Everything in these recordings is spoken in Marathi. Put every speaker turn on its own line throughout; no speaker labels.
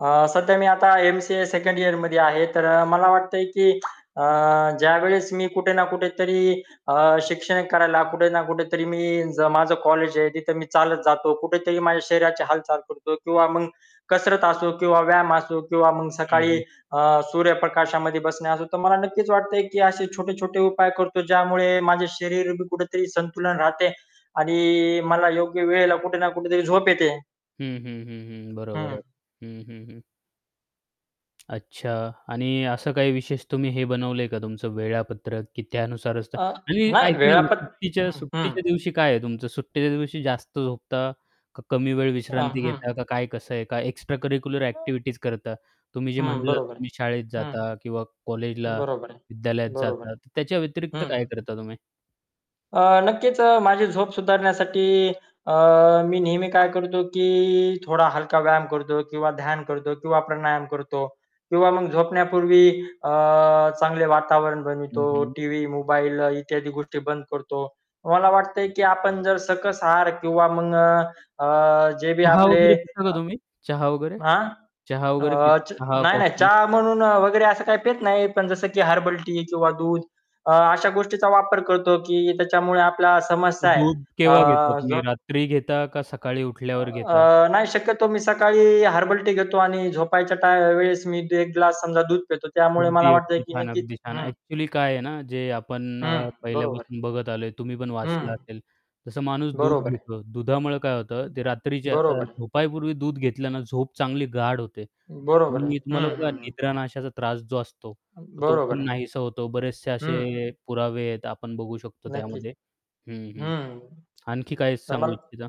अ, सध्या मी आता एम-सी-ए 2nd इअरमध्ये आहे. तर अ, मला वाटतंय की अ, ज्यावेळेस मी कुठे ना कुठेतरी अ, शिक्षण करायला कुठे ना कुठेतरी मी ज माझं कॉलेज आहे तिथे मी चालत जातो, कुठेतरी माझ्या शरीराची हालचाल करतो किंवा मग कसरत असो किंवा व्यायाम असो किंवा मग
हं,
सकाळी
हं.
अ, सूर्यप्रकाशामध्ये बसणे असो, तर मला नक्कीच वाटतंय की असे छोटे-छोटे उपाय करतो ज्यामुळे माझ्या शरीर भी कुठेतरी संतुलन राहते आणि मला योग्य वेळेला कुठे ना कुठेतरी झोप येते.
हं, हं, हं, हं. बरोबर
हं.
आहे. हं, हं, हं. अच्छा आणि असं काही विशेष तुम्ही हे बनवलं आहे का तुमचं वेळापत्रक की त्यानुसारच तर
अ,
आणि
नाही
ऐका ना
वेळापत
सुट्टीच्या
हं, हं.
सुट्टीच्या दिवशी काय आहे तुमचं? सुट्टीच्या दिवशी जास्त झोपता, का कमी वेळ
अ,
विश्रांती
हं,
घेता,
हं.
का काय कसं आहे? का एक्स्ट्रा करिक्युलर
अ
ॲक्टिव्हिटीज करता तुम्ही जे
हं,
म्हटलं,
बरोबर आहे.
तुम्ही शाळेत
हं,
जाता किंवा
हं,
कॉलेजला,
बरोबर आहे.
विद्यालयात
बरोबर आहे.
जाता तर त्याच्या व्यतिरिक्त
हं,
काय
हं.
करता तुम्ही?
अ, नक्कीच अ, माझी झोप सुधारण्यासाठी अ, मी नेहमी काय करतो की थोडा हलका व्यायाम करतो किंवा ध्यान करतो किंवा प्राणायाम करतो किंवा मग झोपण्यापूर्वी अ, चांगले वातावरण बनवतो.
हं, हं.
टीव्ही, मोबाईल इत्यादी गोष्टी बंद करतो. मला वाटतंय की आपण जर सकस आहार किंवा मग अ, अ, जे बी
चहा
आपले
वगैरे पिता का
अ
तुम्ही, चहा वगैरे
हां?
चहा वगैरे
अ,
पिता,
च
चहा
नाही, नाही.
कॉफी?
चहा म्हणून वगैरे असं काही पीत नाही. पण जसं की हर्बल टी किंवा दूध अ, अशा गोष्टीचा वापर करतो की त्याच्यामुळे आपला समस्या आहे
दूध केव्हा घेता
अ,
तुम्ही
जो
रात्री घेता का सकाळी उठल्यावर
अ,
घेता?
नाही शक्यतो मी सकाळी हर्बल टी घेतो आणि झोपायच्या टा वेळेस मी एक ग्लास समजा दूध पितो. त्यामुळे मला
अगदी,
वाटतंय
अगदी
की
छान,
नक्कीच
अगदी छान.
हं.
ॲक्चुअली काय आहे ना जे आपण अ,
हं, बरोबर आहे.
पहिल्यापासून बघत आलोय, तुम्ही पण वाचलं
हं.
असेल, तसं माणूस दूध
बरोबर आहे.
घेतो दुधामुळं काय होतं ते
ब
रात्रीच्या अ,
बरोबर आहे.
झोपायपूर्वी दूध घेतल्यानं झोप चांगली गाढ होते
बरोबर आहे.
आणि तुम्हाला
हं,
बघा
हं, हं.
निद्रानाशाचा त्रास जो असतो, तर तो
बरोबर
पण
आहे.
नाहीसा होतो, बरेचसे
हं,
असे
हं.
पुरावे आहेत आपण बघू शकतो
नक्कीच.
त्यामध्ये हं, हं.
हं.
आणखी काय
तर
सांगू
मल
इच्छिता?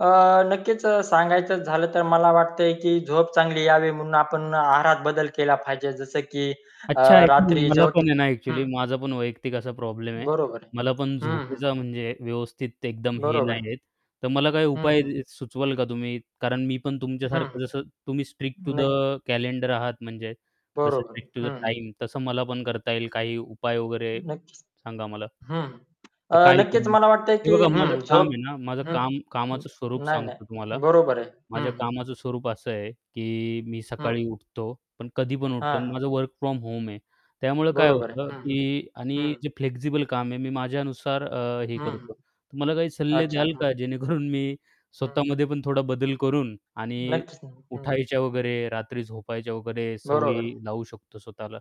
अ, नक्कीच अ, सांगायचं झालं तर मला वाटतंय की झोप चांगली यावी म्हणून आपण आहारात बदल केला पाहिजे. जसं की अ,
अच्छा, [unintelligible]
रात्री
मला
जेवत
पण आहे ना ॲक्चुअली
हं.
माझा पण वैयक्तिक असा प्रॉब्लेम आहे.
बरोबर आहे.
मला पण
हं, हं.
झोपेचा म्हणजे व्यवस्थित एकदम हे
बरोबर आहे.
नाही आहे. तर मला काही
हं,
उपाय
हं.
अ, सुचवाल का तुम्ही कारण मी पण
हं,
तुमच्यासारखं जसं तुम्ही स्ट्रिक्ट टू द
नाही.
कॅलेंडर आहात म्हणजे जसं
बरोबर आहे.
स्ट्रिक्ट टू द
हं, हं.
टाईम तसं मला पण करता येईल काही उपाय वगैरे
नक्कीच.
सांगा मला.
हं, अ,
तर काय करू
नक्कीच
मी?
मला वाटतंय
हे
की
बघा माझं
हं,
काम आहे
झोप
ना, माझं
हं,
काम
हं.
कामाचं स्वरूप
नाही नाही.
सांगतो तुम्हाला,
बरोबर आहे. हं,
माझ्या
हं.
कामाचं स्वरूप असं आहे, की मी सकाळी
हं.
उठतो पण कधी पण उठतो
हां,
अन् माझं
हां.
वर्क फ्रॉम होम आहे, त्यामुळं काय
बरोबर आहे.
होतं
हं,
की
हं,
आणि
हं.
जे फ्लेक्सिबल काम आहे मी माझ्यानुसार अ, हे
हं,
करतो.
हं,
तर मला काही सल्ले
अच्छा.
द्याल का
हं.
जेणेकरून मी
हं.
स्वतःमध्ये पण थोडा बदल करून आणि
नक्कीच न हं.
उठायच्या वगैरे रात्री झोपायच्या वगैरे
बरोबर आहे.
सवयी लावू शकतो स्वतःला?